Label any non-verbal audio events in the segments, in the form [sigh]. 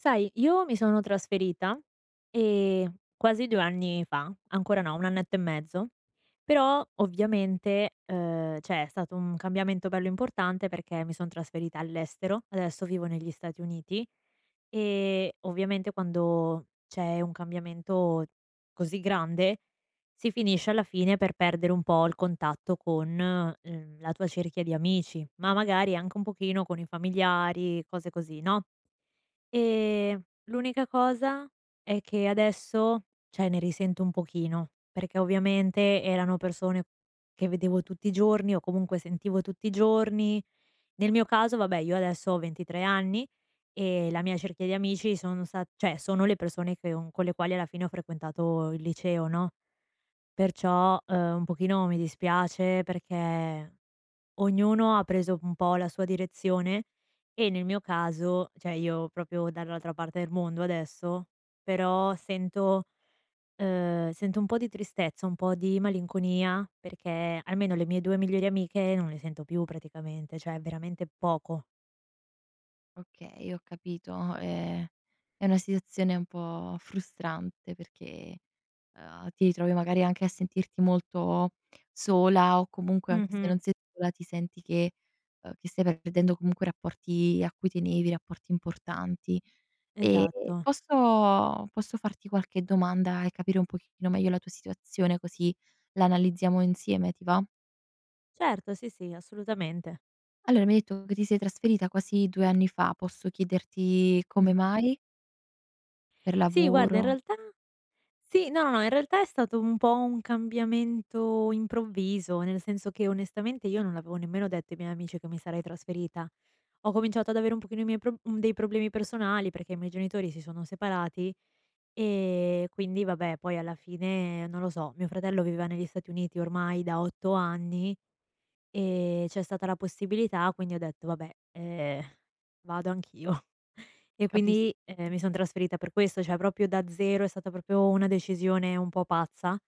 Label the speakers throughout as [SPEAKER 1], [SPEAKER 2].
[SPEAKER 1] Sai, io mi sono trasferita, ehm, quasi 2 anni fa, ancora no, un annetto e mezzo, però ovviamente, ehm, cioè è stato un cambiamento bello importante, perché mi son trasferita all'estero, adesso vivo negli Stati Uniti; e, ovviamente, quando c'è un cambiamento così grande, si finisce alla fine per perdere un po' il contatto con, uhm, la tua cerchia di amici, ma magari anche un pochino con i familiari, cose così, no? Ehm, l'unica cosa è che adesso, cioè ne risento un pochino, perché ovviamente erano persone che vedevo tutti i giorni o, comunque, sentivo tutti i giorni. Nel mio caso vabbè, io adesso ho 23 anni, e la mia cerchia di amici sono sta cioè sono le persone che un con le quali alla fine ho frequentato il liceo, no? Perciò, ehm, un pochino mi dispiace, perché ognuno ha preso un po' la sua direzione e, nel mio caso, cioè io proprio dall'altra parte del mondo adesso, però sento ehm, sento un po' di tristezza, un po' di malinconia, perché almeno le mie 2 migliori amiche non le sento più, praticamente, cioè veramente poco.
[SPEAKER 2] Okay, ho capito. Ehm, è una situazione un po' frustrante perché, ehm, ti ritrovi magari anche a sentirti molto sola o comunque, anche se non
[SPEAKER 1] Mh-mh.
[SPEAKER 2] sei sola, ti senti che, ehm, che ti stai perdendo comunque rapporti a cui tenevi, rapporti importanti. E
[SPEAKER 1] Esatto.
[SPEAKER 2] posso posso farti qualche domanda e capire un pochettino meglio la tua situazione, così l'analizziamo insieme, ti va?
[SPEAKER 1] Certo. Sì, sì, assolutamente.
[SPEAKER 2] Allora mi hai etto che ti sei trasferita quasi 2 anni fa. Posso chiederti come
[SPEAKER 1] Mh.
[SPEAKER 2] mai? Per
[SPEAKER 1] Sì, guarda, in
[SPEAKER 2] lavoro
[SPEAKER 1] realtà sì no, no, no, in realtà è stato un po' un cambiamento improvviso, nel senso che onestamente io non l'avevo nemmeno detto ai miei amici che mi sarei trasferita. Ho cominciato ad avere un pochino i miei prob dei problemi personali perché i miei genitori si sono separati, e quindi, vabbè, poi alla fine, non lo so. Mio fratello viveva negli Stati Uniti ormai da 8 anni. E c'è stata la possibilità, quindi ho detto: "Vabbè, eh, vado anch'io." E
[SPEAKER 2] Capis
[SPEAKER 1] quindi, ehm, mi sono trasferita per questo, cioè proprio da zero, è stata proprio una decisione un po' pazza,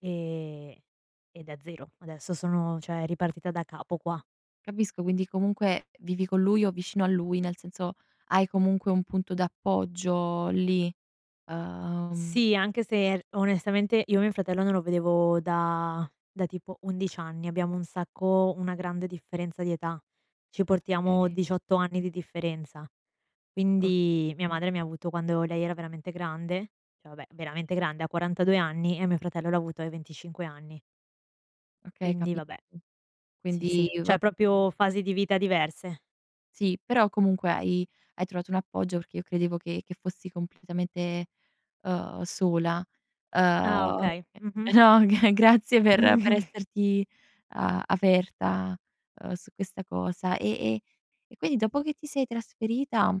[SPEAKER 1] ehm, e da zero. Adesso sono cioè ripartita da capo qua.
[SPEAKER 2] Capisco, quindi comunque vivi con lui o vicino a lui, nel senso, hai comunque un punto d'appoggio lì, uhm
[SPEAKER 1] Sì, anche se r onestamente io mio fratello non lo vedevo da da tipo 11 anni, abbiamo un sacco una grande differenza di età. Ci portiamo
[SPEAKER 2] Okay.
[SPEAKER 1] 18 anni di differenza.
[SPEAKER 2] O
[SPEAKER 1] Quindi mia madre mi ha avuto quando lei era veramente grande, cioè, vabbè, veramente grande, a 42 anni e mio fratello l'ha avuto ai 25 anni
[SPEAKER 2] Okay,
[SPEAKER 1] quindi
[SPEAKER 2] capi
[SPEAKER 1] vabbè. Sì,
[SPEAKER 2] quindi
[SPEAKER 1] sì, cioè
[SPEAKER 2] va
[SPEAKER 1] proprio fasi di vita diverse.
[SPEAKER 2] Sì, però comunque hai hai trovato un appoggio, perché io credevo che che fossi completamente, uhm, sola, uhm,
[SPEAKER 1] Ah,
[SPEAKER 2] ehm,
[SPEAKER 1] okay.
[SPEAKER 2] e
[SPEAKER 1] Mh-mh.
[SPEAKER 2] no, g grazie per per
[SPEAKER 1] [chuckles]
[SPEAKER 2] esserti a aperta, uhm, su questa cosa, e e e quindi dopo che ti sei trasferita,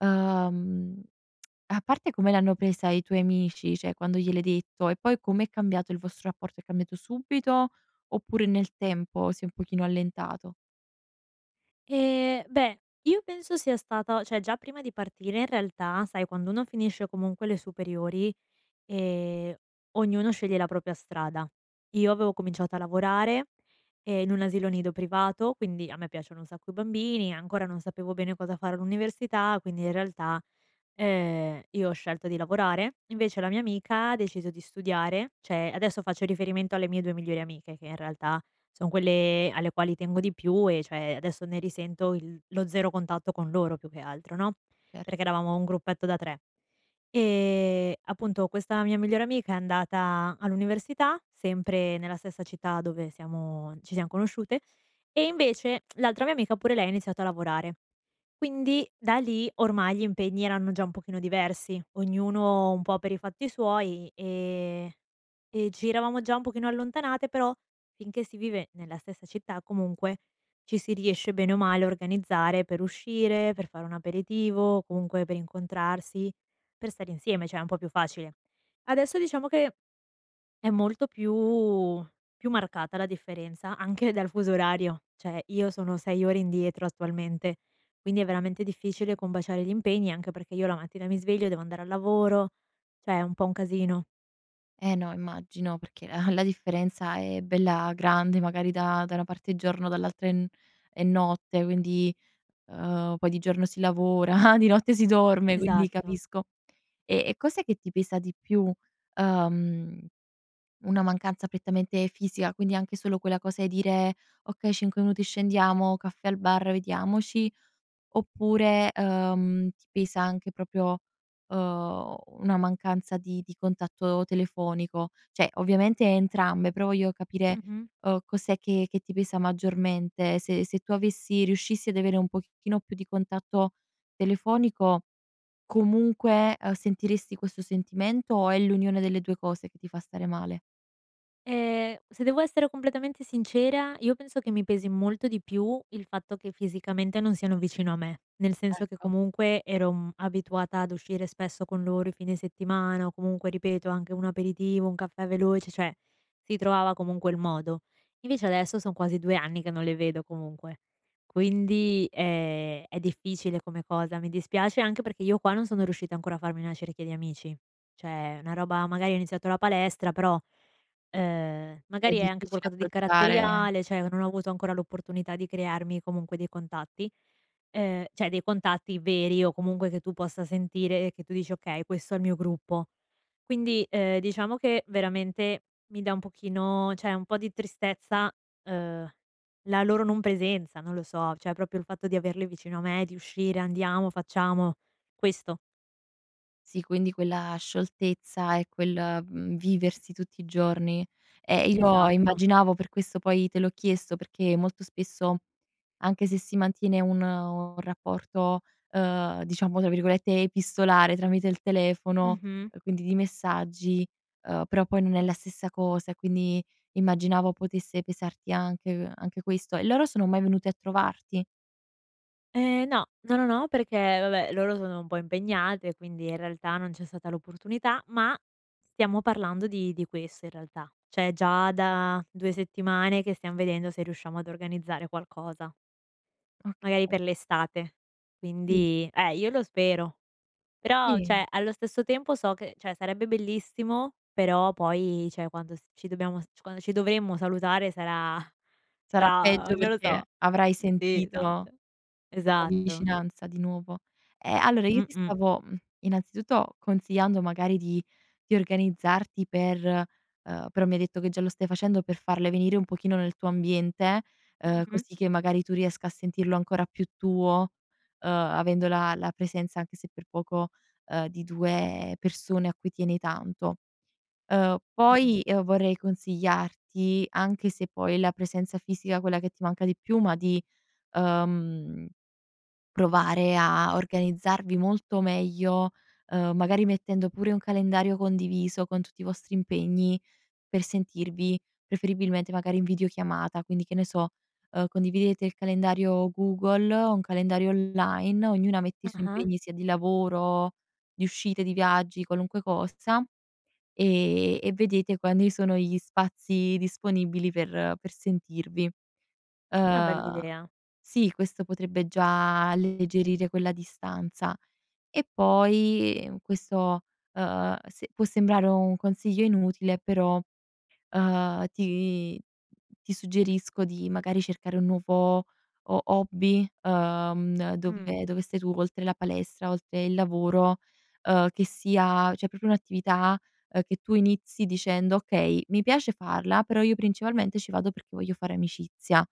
[SPEAKER 2] uhm [tsk] a parte come l'hanno presa i tuoi amici, cioè quando gliel'hai detto e poi, com'è cambiato il vostro rapporto, è cambiato subito, oppure nel tempo si è un pochino allentato?
[SPEAKER 1] Ehm, beh, io penso sia stata cioè già prima di partire, in realtà, sai quando uno finisce comunque le superiori, ehm, ognuno sceglie la propria strada. Io avevo cominciato a lavorare, ehm, in un asilo nido privato, quindi, a me piacciono un sacco i bambini, ancora non sapevo bene cosa fare all'università, quindi in realtà, ehm, io ho scelto di lavorare, invece la mia amica ha deciso di studiare. Cioè adesso faccio riferimento alle mie 2 migliori amiche che in realtà, son quelle alle quali tengo di più e cioè adesso ne risento il lo 0 contatto con loro, più che altro, no,
[SPEAKER 2] Cer
[SPEAKER 1] perché eravamo un gruppetto da 3. Ehm, appunto, questa mia migliore amica è andata all'università, sempre nella stessa città dove siamo ci siam conosciute, e invece [tsk] l'altra mia amica pure lei ha iniziato a lavorare. Quindi, da lì- ormai gli impegni erano già un pochino diversi- ognuno un po' per i fatti suoi, e e ci eravamo già un pochino allontanate. Però, finché si vive nella stessa città, comunque, ci si riesce bene o male a organizzare per uscire, per fare un aperitivo, comunque per incontrarsi, per stare insieme, cioè è un po' più facile. Adesso diciamo che è molto più più marcata la differenza anche dal fuso orario, cioè io sono 6 ore indietro attualmente, quindi è veramente difficile combaciare gli impegni, anche perché io la mattina mi sveglio, devo andare al lavoro, cioè è un po' un casino.
[SPEAKER 2] Eh no, immagino. Perché ah, la differenza è bella grande, magari da da una parte è giorno dall'altra è n è notte, quindi, uhm, poi di giorno si lavora, di notte si dorme, quindi
[SPEAKER 1] Esatto.
[SPEAKER 2] capisco. E e cos'è che ti pesa di più, uhm, una mancanza prettamente fisica, quindi anche solo quella cosa e dire: "Okay, cinque minuti scendiamo, caffè al bar, vediamoci", oppure, uhm, ti pesa anche proprio, uhm, una mancanza di di contatto telefonico? Cioè, ovviamente entrambe, però voglio capire,
[SPEAKER 1] Mh-mh.
[SPEAKER 2] uhm, cos'è che che ti pesa maggiormente, se se tu avessi riuscissi ad avere un pochettino più di contatto telefonico, comunque sentiresti questo sentimento, o è l'unione delle due cose che ti fa stare male?
[SPEAKER 1] Ehm, se devo essere completamente sincera, io penso che mi pesi molto di più il fatto che fisicamente non siano vicino a me. Nel senso che,
[SPEAKER 2] Ecco.
[SPEAKER 1] comunque, ero, mhmm, abituata ad uscire spesso con loro i fine settimana, o comunque, ripeto, anche un aperitivo, un caffè veloce, cioè si trovava comunque il modo. Invece adesso son quasi 2 anni che non le vedo, comunque. Quindi ehm, è difficile come cosa, mi dispiace anche perché io qua non sono riuscita ancora a farmi una cerchia di amici. Cioè, una roba magari ho iniziato la palestra, però, ehm,
[SPEAKER 2] È
[SPEAKER 1] magari è anche
[SPEAKER 2] difficile
[SPEAKER 1] qualcosa di
[SPEAKER 2] approcciare
[SPEAKER 1] caratteriale, cioè, non ho avuto ancora l'opportunità di crearmi, comunque, dei contatti. Ehm, cioè, dei contatti veri o comunque che tu possa sentire e che tu dici: "Okay, questo è il mio gruppo." Quindi, ehm, diciamo che veramente mi dà un pochino, cioè, un po' di tristezza, uhm, la loro non presenza, non lo so, cioè, proprio il fatto di averli vicino a me, di uscire, andiamo, facciamo, questo.
[SPEAKER 2] Sì, quindi quella scioltezza e quel, mhmm, viversi tutti i giorni. Eh io
[SPEAKER 1] Esatto.
[SPEAKER 2] immaginavo, per questo poi te l'ho chiesto, perché molto spesso, anche se si mantiene un un rapporto, uhm, diciamo tra virgolette "epistolare" tramite il telefono,
[SPEAKER 1] Mh-mh.
[SPEAKER 2] quindi di messaggi, uhm, però poi non è la stessa cosa, e quindi immaginavo potesse pesarti anche uhm, anche questo. E loro sono mai venuti a trovarti?
[SPEAKER 1] Ehm, no, no, no, no, perché, vabbè, loro sono un po' impegnate e quindi, in realtà, non c'è stata l'opportunità, ma stiamo parlando di di questo, in realtà. Cioè già da 2 settimane che stiam vedendo se riusciamo ad organizzare qualcosa. Magari
[SPEAKER 2] Okay.
[SPEAKER 1] per l'estate,
[SPEAKER 2] Sì.
[SPEAKER 1] quindi eh, io lo spero. Però,
[SPEAKER 2] Sì.
[SPEAKER 1] cioè, allo stesso tempo so che cioè, sarebbe bellissimo, però poi, cioè quando s ci dobbiamo s quando ci dovremmo salutare sarà
[SPEAKER 2] Sarà
[SPEAKER 1] sarà,
[SPEAKER 2] peggio,
[SPEAKER 1] non lo so.
[SPEAKER 2] perché avrai
[SPEAKER 1] Sì,
[SPEAKER 2] sentito la
[SPEAKER 1] esatto. Esatto.
[SPEAKER 2] vicinanza di nuovo; ehm, allora io ti
[SPEAKER 1] Mh-mh.
[SPEAKER 2] stavo, mhmm, innanzitutto, consigliando magari di di organizzarti per uhm, però mi hai detto che già lo stai facendo, per farle venire un pochino nel tuo ambiente, uhm,
[SPEAKER 1] Mh-mh.
[SPEAKER 2] così che magari tu riesca a sentirlo ancora più tuo, uhm, avendo la la presenza, anche se per poco, uhm, di 2 persone a cui tieni tanto. Uhm,
[SPEAKER 1] Mh-mh.
[SPEAKER 2] poi, uhm, vorrei consigliarti, anche se poi è la presenza fisica, quella che ti manca di più, ma di, uhm, provare a organizzarvi molto meglio, uhm, magari mettendo pure un calendario condiviso con tutti i vostri impegni, per sentirvi, preferibilmente magari, in videochiamata. Quindi, che ne so, uhm, condividete il calendario Google, un calendario online, ognuna mette i suoi
[SPEAKER 1] Ah-ah.
[SPEAKER 2] impegni sia di lavoro, di uscite, di viaggi, qualunque cosa, e e vedete quanti sono gli spazi disponibili per per sentirvi.
[SPEAKER 1] Questa è una bella
[SPEAKER 2] Uhm,
[SPEAKER 1] idea.
[SPEAKER 2] sì, questo potrebbe già alleggerire quella distanza. E poi, mhmm, questo, uhm, se può sembrare un consiglio inutile, però, uhm, ti ti suggerisco di, magari, cercare un nuovo ho hobby, uhm,
[SPEAKER 1] Mh.
[SPEAKER 2] dove dove stai tu, oltre la palestra, oltre il lavoro, uhm, che sia cioè proprio un'attività, uhm, che tu inizi dicendo: "Okay, mi piace farla, però io principalmente ci vado perché voglio fare amicizia";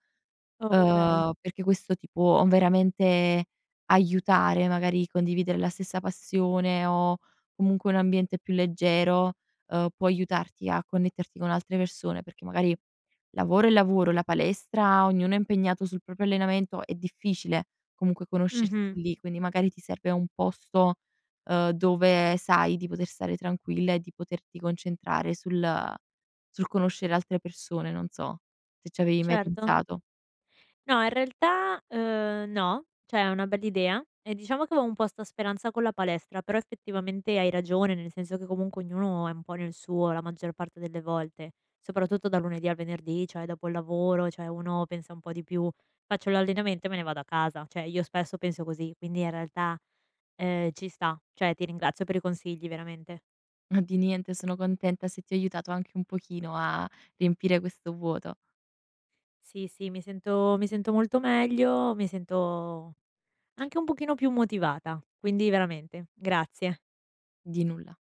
[SPEAKER 1] Okay.
[SPEAKER 2] uhm, perché questo ti può veramente aiutare, magari condividere la stessa passione o, comunque, un ambiente più leggero, uhm, può aiutarti a connetterti con altre persone, perché magari lavoro è lavoro, la palestra, ognuno è impegnato sul proprio allenamento, è difficile comunque conoscersi
[SPEAKER 1] Mh-mh.
[SPEAKER 2] lì, quindi magari ti serve un posto, uhm, dove sai di poter stare tranquilla e di poterti concentrare sul sul conoscere altre persone, non so, se ci avevi mai
[SPEAKER 1] Certo.
[SPEAKER 2] pensato.
[SPEAKER 1] No, in realtà, uhm, no, cioè è una bella idea e diciamo che avevo un po' 'sta speranza con la palestra, però effettivamente hai ragione, nel senso che, comunque, ognuno è un po' nel suo, la maggior parte delle volte; soprattutto dal lunedì al venerdì, cioè dopo il lavoro, cioè uno pensa un po' di più: "Faccio l'allenamento e me ne vado a casa". Cioè io spesso penso così, quindi in realtà, ehm, ci sta, cioè ti ringrazio per i consigli, veramente.
[SPEAKER 2] Ma di niente, sono contenta se ti ho aiutato anche un pochino a riempire questo vuoto.
[SPEAKER 1] Sì, sì, mi sento mi sento molto meglio, mi sento anche un pochino più motivata, quindi veramente, grazie.
[SPEAKER 2] Di nulla.